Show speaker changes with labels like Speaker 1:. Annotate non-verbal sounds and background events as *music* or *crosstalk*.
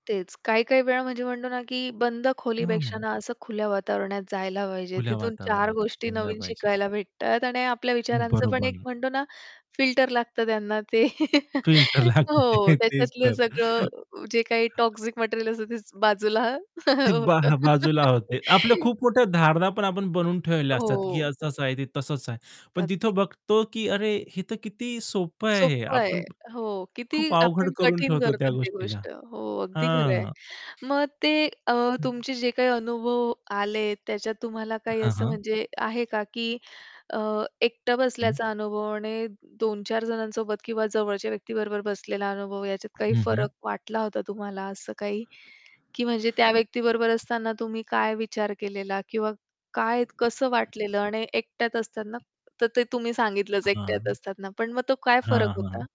Speaker 1: तेच. काही-काही वेळा म्हणजे म्हणतो ना की बंद
Speaker 2: हं,
Speaker 1: खोलीपेक्षा
Speaker 2: हं.
Speaker 1: ना असं खुल्या वातावरणात जायला पाहिजे,
Speaker 2: खुल्या
Speaker 1: तिथून चार
Speaker 2: वातावरणातला
Speaker 1: गोष्टी
Speaker 2: जायला
Speaker 1: नवीन
Speaker 2: पाहिजे.
Speaker 1: शिकायला भेटतात आणि आपल्या विचारांचं पण एक
Speaker 2: बरोबर.
Speaker 1: म्हणतो ना फिल्टर लागतं त्यांना ते
Speaker 2: फिल्टर
Speaker 1: *laughs*
Speaker 2: लागतं,
Speaker 1: हो,
Speaker 2: तेच
Speaker 1: त्याच्यातलं
Speaker 2: तर.
Speaker 1: सगळं जे काही
Speaker 2: *chuckles*
Speaker 1: टॉक्सिक मटेरिअल असतं तेच बाजूला
Speaker 2: ते बा
Speaker 1: होतं.
Speaker 2: बाजूला होते. आपल्या
Speaker 1: *laughs*
Speaker 2: खूप मोठ्या धारणा पण आपण बनवून ठेवल्या असतात, की
Speaker 1: हो.
Speaker 2: असं-असं आहे, ते तसं-तसं आहे. पण
Speaker 1: अगदी.
Speaker 2: तिथं बघतो की अरे हे तर किती सोप्पं आहे हे,
Speaker 1: सोप्पं आहे.
Speaker 2: आपण
Speaker 1: हो, किती
Speaker 2: खूप अवघड
Speaker 1: आपण
Speaker 2: करून
Speaker 1: कठीण
Speaker 2: ठेवतो
Speaker 1: करतो
Speaker 2: त्या
Speaker 1: ती
Speaker 2: गोष्टीला.
Speaker 1: गोष्ट हो, अगदी खरं आहे.
Speaker 2: हां.
Speaker 1: मग ते अ,
Speaker 2: *unintelligible*
Speaker 1: तुमचे जे काही अनुभव आलेत त्याच्यात तुम्हाला काही
Speaker 2: हां,
Speaker 1: असं
Speaker 2: हां.
Speaker 1: म्हणजे आहे का, की अ, एकटा
Speaker 2: हं.
Speaker 1: बसल्याचा अनुभव आणि 2-4 जणांसोबत किंवा जवळच्या व्यक्तीबरोबर बसलेला अनुभव याच्यात काही
Speaker 2: हं, हं.
Speaker 1: फरक वाटला होता तुम्हाला असं काही? की म्हणजे त्या व्यक्ती बरोबर असताना तुम्ही काय विचार केलेला किंवा काय कसं वाटलेलं आणि एकट्याच असतात ना, तर ते तुम्ही सांगितलंच एकट्या
Speaker 2: हां.
Speaker 1: असतात ना, पण मग तो काय फरक
Speaker 2: हां,
Speaker 1: होता?
Speaker 2: हां.